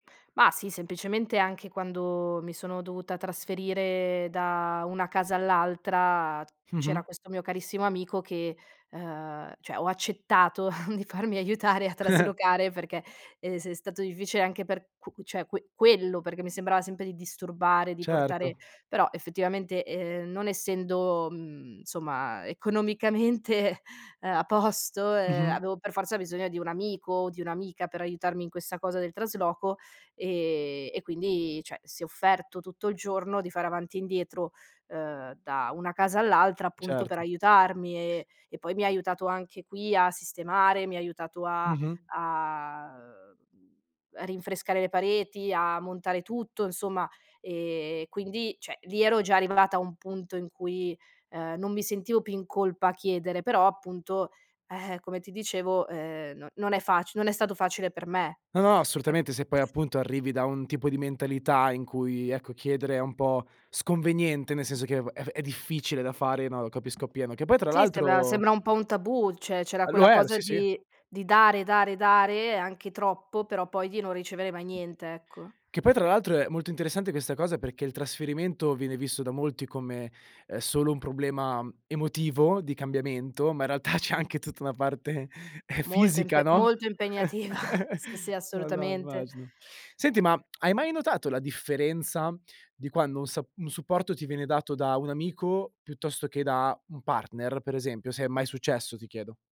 Mah sì, semplicemente anche quando mi sono dovuta trasferire da una casa all'altra Mh-mh. c'era questo mio carissimo amico che, uhm cioè ho accettato di farmi aiutare a traslocare, perché è s è stato difficile anche per q cioè que quello, perché mi sembrava sempre di disturbare, di portare Certo. però, effettivamente, ehm, non essendo, mhmm, insomma, ehm, economicamente, ehm, a posto, ehm, Mh-mh. avevo per forza bisogno di un amico, o di un'amica, per aiutarmi in questa cosa del trasloco, ehm, e quindi, cioè, si è offerto tutto il giorno di fare avanti e indietro, uhm, da una casa all'altra, appunto, per Certo. aiutarmi. Ehm, e poi mi ha aiutato anche qui a sistemare, mi ha aiutato a Mh-mh. a uhm, a rinfrescare le pareti, a montare tutto insomma. Ehm, quindi, cioè, lì ero già arrivata a un punto in cui, ehm, non mi sentivo più in colpa a chiedere, però appunto, eh-eh, come ti dicevo, ehm, no non è facile non è stato facile per me. No, no, Ecc assolutamente. Se poi appunto arrivi da un tipo di mentalità in cui, ecco, chiedere è un po' sconveniente, nel senso che è v è difficile da fare, no, capisco appieno. Che poi tra Sì, sembra l'altro sembra un po' un tabù. Cioè c'era Lo quella era, cosa sì, sì. di di dare, dare, dare, anche troppo, però poi di non ricevere mai niente, ecco. Che poi tra l'altro è molto interessante questa cosa perché il trasferimento viene visto da molti come, ehm, solo un problema emotivo di cambiamento, ma in realtà c'è anche tutta una parte ehm, Molto fisica, impe no, molto impegnativa. Sì, sì, no no, assolutamente. immagino. Senti ma, hai mai notato la differenza di quando un sa un supporto ti viene dato da un amico piuttosto che da un partner, per esempio? Se è mai successo ti chiedo.